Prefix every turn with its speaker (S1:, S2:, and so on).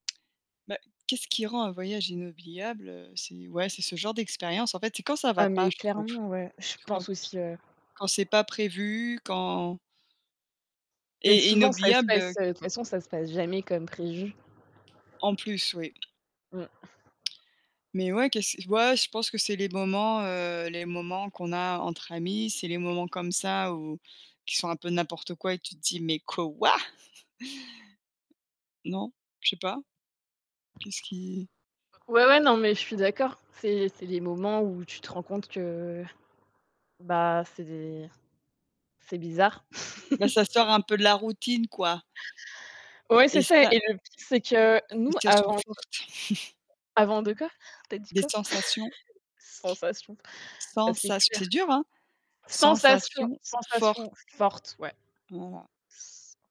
S1: Bah, qu'est-ce qui rend un voyage inoubliable, heu? C'est ouais, c'est ce genre d'expérience. En fait, c'est quand ça va
S2: Ah
S1: pas,
S2: mais
S1: je trouve.
S2: clairement, ouais, je
S1: Quand
S2: pense
S1: t
S2: aussi, ouais.
S1: quand c'est pas prévu, quand
S2: Et
S1: Et
S2: souvent, ça se
S1: inoubliable heu
S2: passe, heu, de toute façon, ça se passe jamais comme prévu.
S1: En plus oui.
S2: Mmh.
S1: Mais ouais, qu'est-ce ouais, je pense que c'est les moments heu les moments qu'on a entre amis, c'est les moments comme ça où, qui sont un peu n'importe quoi et que tu te dis, mais quoi? Non, je sais pas. Qu'est-ce qui?
S2: Heu. Ouais, ouais, non, mais je suis d'accord. C'est c'est les moments où tu te rends compte que, bah, c'est des c'est bizarre.
S1: Bah ça sort
S2: [unintelligible]
S1: un peu de la routine quoi!
S2: Ouais, c'est
S1: Et
S2: ça.
S1: ça
S2: Et le, pire c'est que nous,
S1: Sensations
S2: avant le
S1: fortes.
S2: avant de quoi, tu as dit
S1: Des
S2: quoi?
S1: sensations.
S2: Sensation. Ah, c'est
S1: Sensas
S2: clair.
S1: c'est dur, hein,
S2: Sensation
S1: sensations fort.
S2: sensation forte, ouais.
S1: Voila.
S2: S.